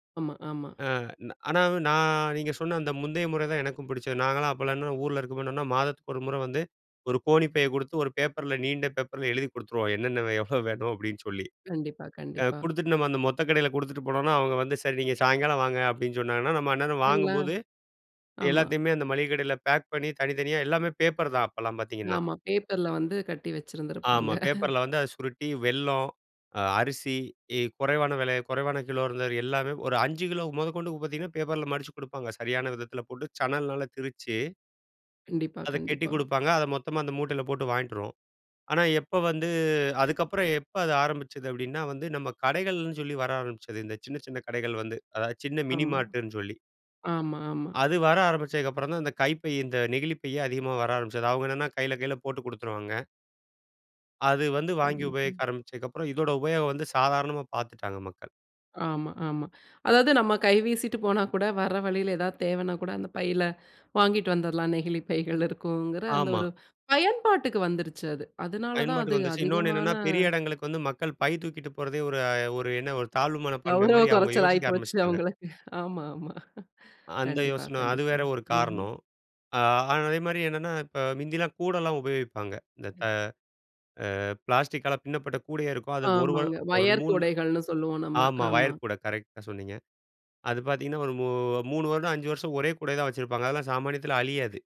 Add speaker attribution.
Speaker 1: ஆமா, ஆமா.
Speaker 2: அ ந ஆனா, நா நீங்க சொன்ன அந்த முந்தைய முறை தான் எனக்கும் புடிச்சது. நாங்கலாம் அப்பல்லான்ன ஊர்ல இருக்கப்ப என்னன்னா, மாதத்துக்கு 1 முறை வந்து, ஒரு கோணிப்பைய குடுத்து, ஒரு பேப்பர்ல நீண்ட பேப்பர்ல எழுதி குடுத்துருவோம். "என்னென்ன வே எவ்வளோ வேணும்?" அப்படீன்னு சொல்லி.
Speaker 1: கண்டிப்பா,
Speaker 2: அ
Speaker 1: கண்டிப்பா.
Speaker 2: குடுத்துட்டு நம்ம அந்த மொத்த கடையில குடுத்துட்டு போனோம்ன்னா, அவங்க வந்து "சரி. நீங்க சாயங்காலம் வாங்க" அப்படீன்னு சொன்னாங்கன்னா, நம்ம அந்நேரம்
Speaker 1: எல்லாம்
Speaker 2: வாங்கும்போது
Speaker 1: ஆமா.
Speaker 2: எல்லாத்தையுமே அந்த மளிகை கடையில பேக் பண்ணி, தனித்தனியா எல்லாமே பேப்பர் தான் அப்பல்லாம் பார்த்தீங்கன்னா.
Speaker 1: ஆமா. பேப்பர்ல வந்து கட்டி வச்சிருந்துருப்பாங்க.
Speaker 2: ஆமா. பேப்பர்ல வந்து அதை சுருட்டி வெல்லம், அ அரிசி, இ குறைவான விலை, குறைவான கிலோ இருந்ததுல எல்லாமே ஒரு 5 கிலோ முதற்கொண்டு பார்த்தீங்கன்னா, பேப்பர்ல மடிச்சு குடுப்பாங்க. சரியான விதத்தில போட்டு, சணல்னால திரிச்சு
Speaker 1: கண்டிப்பா,
Speaker 2: அதை கட்டிக்
Speaker 1: கண்டிப்பா.
Speaker 2: குடுப்பாங்க. அதை மொத்தமா அந்த மூட்டைல போட்டு வாயின்ட்டு வருவோம். ஆனா, எப்போ வந்து அதுக்கப்பறம், "எப்ப அது ஆரம்பிச்சது?" அப்படீன்னா வந்து நம்ம கடைகள்ன்னு சொல்லி வர ஆரம்பிச்சது இந்த சின்ன சின்ன கடைகள் வந்து, அதாவது சின்ன மினி
Speaker 1: ஆமா.
Speaker 2: மார்ட்டுன்னு சொல்லி.
Speaker 1: ஆமா, ஆமா.
Speaker 2: அது வர ஆரம்பிச்சதுக்கப்பறம் தான், இந்த கைப்பை இந்த நெகிழிப்பையே அதிகமா வர ஆரம்பிச்சது. அவங்க என்னன்னா கையில கையில போட்டு குடுத்துருவாங்க. அது வந்து வாங்கி
Speaker 1: கண்டிப்பா.
Speaker 2: உபயோகிக்க ஆரம்பிச்சதுக்கப்பறம், இதோட உபயோகம் வந்து சாதாரணமா பார்த்துட்டாங்க, மக்கள்.
Speaker 1: ஆமா. ஆமா. அதாவது நம்ம கை வீசிட்டு போனா கூட, வர வழியில ஏதாவது தேவைன்னா கூட, அந்த பையில வாங்கிட்டு வந்துரலாம். நெகிழிப் பைகள் இருக்குங்கிற அந்த
Speaker 2: ஆமா.
Speaker 1: ஒரு பயன்பாட்டுக்கு வந்துருச்சு அது. அதனால தான்
Speaker 2: பயன்பாட்டுக்கு
Speaker 1: அது
Speaker 2: வந்துருச்சு. இன்னொன்னு
Speaker 1: அதிகமான
Speaker 2: என்னன்னா, பெரிய இடங்களுக்கு வந்து மக்கள் பை தூக்கிட்டு போறதே ஒரு அ ஒரு என்ன ஒரு தாழ்வு மனப்பான்மை
Speaker 1: கௌரவ
Speaker 2: மாரி அவுங்க
Speaker 1: கொறைச்சல் ஆயி
Speaker 2: யோசிக்க
Speaker 1: போச்சு
Speaker 2: ஆரம்பிச்சுட்டாங்க.
Speaker 1: அவங்களக்கு. ஆமா, ஆமா.
Speaker 2: அந்த
Speaker 1: கண்டிப்பா,
Speaker 2: யோசனை. அது
Speaker 1: கண்டிப்பா.
Speaker 2: வேற ஒரு
Speaker 1: ம்ஹ்ம்.
Speaker 2: காரணம். ஆ ஆனா அதே மாரி என்னன்னா, இப்ப முந்தில்லாம் கூடைல்லாம் உபயோகிப்பாங்க. இந்த க அ பிளாஸ்டிக்கால பின்னப்பட்ட கூடையே இருக்கும். அது 1 வ
Speaker 1: ஆமாங்க.
Speaker 2: ஒரு
Speaker 1: ஒயர்
Speaker 2: 3
Speaker 1: கூடைகள்ன்னு சொல்லுவோம், நம்ம.
Speaker 2: ஆமா.
Speaker 1: ஆமா.
Speaker 2: ஒயர் கூடை, கரெக்ட்டா சொன்னீங்க. அது பார்த்தீங்கன்னா, ஒரு மூ 3 வருடம், 5 வருஷம் ஒரே கூடையத்தான் வச்சிருப்பாங்க. அதெல்லாம் சாமானியத்தில அழியாது.